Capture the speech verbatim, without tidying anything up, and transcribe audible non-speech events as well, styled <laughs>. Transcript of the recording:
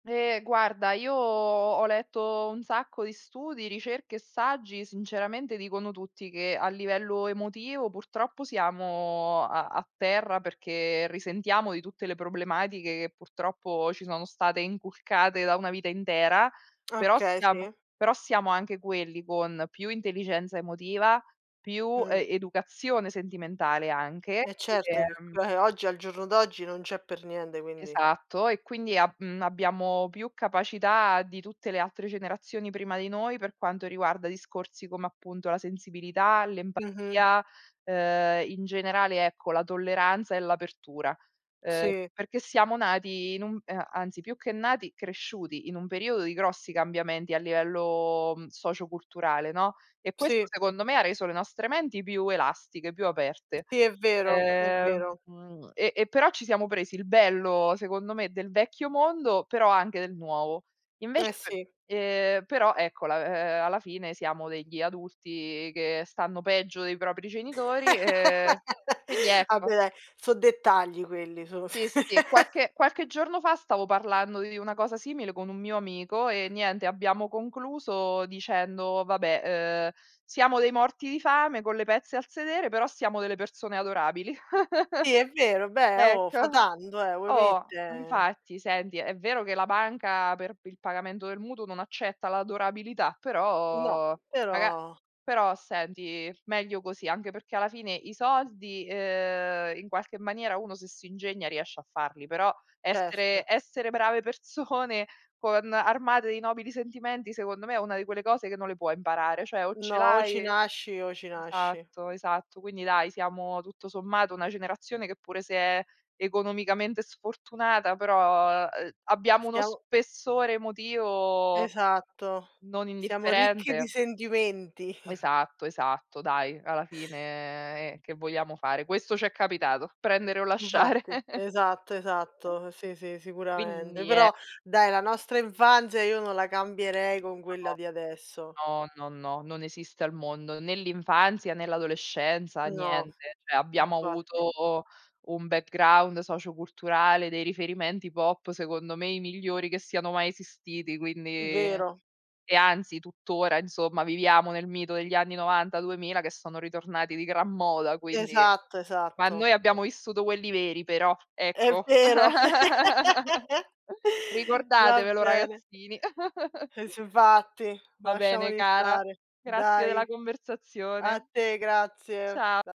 Eh guarda, io ho letto un sacco di studi, ricerche e saggi sinceramente dicono tutti che a livello emotivo purtroppo siamo a a terra perché risentiamo di tutte le problematiche che purtroppo ci sono state inculcate da una vita intera, però Okay, siamo sì. però siamo anche quelli con più intelligenza emotiva, più Mh. e educazione sentimentale anche. E certo che Ehm c ehm, oggi al giorno d'oggi non c'è per niente, quindi Esatto. E quindi a mhmm, abbiamo più capacità di tutte le altre generazioni prima di noi per quanto riguarda discorsi come appunto la sensibilità, Mh-mh. l'empatia, ehm, in generale ecco la tolleranza e l'apertura. Ehm, Sì. perché siamo nati in un ehm, anzi, più che nati, cresciuti in un periodo di grossi cambiamenti a livello, mhmm, socioculturale, no, e questo Sì. secondo me ha reso le nostre menti più elastiche, più aperte. Sì, è vero è Ehm, vero. mhmm, e e però ci siamo presi il bello secondo me del vecchio mondo, però anche del nuovo. Eh Invece, sì. ehm, però ecco la ehm, alla fine siamo degli adulti che stanno peggio dei propri genitori, ehm, quindi <laughs> ecco. Vabbè dai, so' dettagli quelli sono <laughs> Sì, sì. Qualche qualche giorno fa stavo parlando di una cosa simile con un mio amico e niente abbiamo concluso dicendo: "Vabbè, ehm, siamo dei morti di fame con le pezze al sedere però siamo delle persone adorabili." <giggles> Sì è vero, beh, oh, fa Ecco. tanto eh, voi Oh mette. infatti. Senti è vero che la banca per p il pagamento del mutuo non accetta l'adorabilità No, però raga però. però senti meglio così. Anche perché alla fine i soldi, ehm, in qualche maniera uno se si ingegna riesce a farli, però essere Certo. essere brave persone con armate di nobili sentimenti secondo me è una di quelle cose che non le puoi imparare, ceh o ce No. O ci l'hai nasci, o ci nasci. esatto esatto. Quindi dai, siamo tutto sommato una generazione che pure se è economicamente sfortunata, però, ehm, abbiamo uno Stiamo spessore emotivo Esatto, non siamo ricchi di indifferente. sentimenti. <chuckles> Esatto, esatto, dai, alla fine che vogliamo fare, questo ci è capitato: prendere o lasciare. Infatti, <chuckles> esatto esatto, sì, sì sicuramente, Quindi è però dai la nostra infanzia io non la cambierei con quella No. di adesso. No, no, no, non esiste al mondo. Né l'infanzia, né l'adolescenza, No, niente. ceh abbiamo infatti. avuto un background socioculturale, dei riferimenti pop secondo me i migliori che siano mai esistiti, quindi Vero. e anzi tuttora insomma viviamo nel mito degli anni novanta duemila che sono ritornati di gran moda, quindi. Esatto, Ma esatto. noi Sì. abbiamo vissuto quelli veri però, È ecco. vero. <laughs> <laughs> Va Ricordatevelo bene. ragazzini. <giggles> E s infatti, Va bene lasciamoli cara, stare. grazie della Dai. A conversazione. te grazie. Cia Cia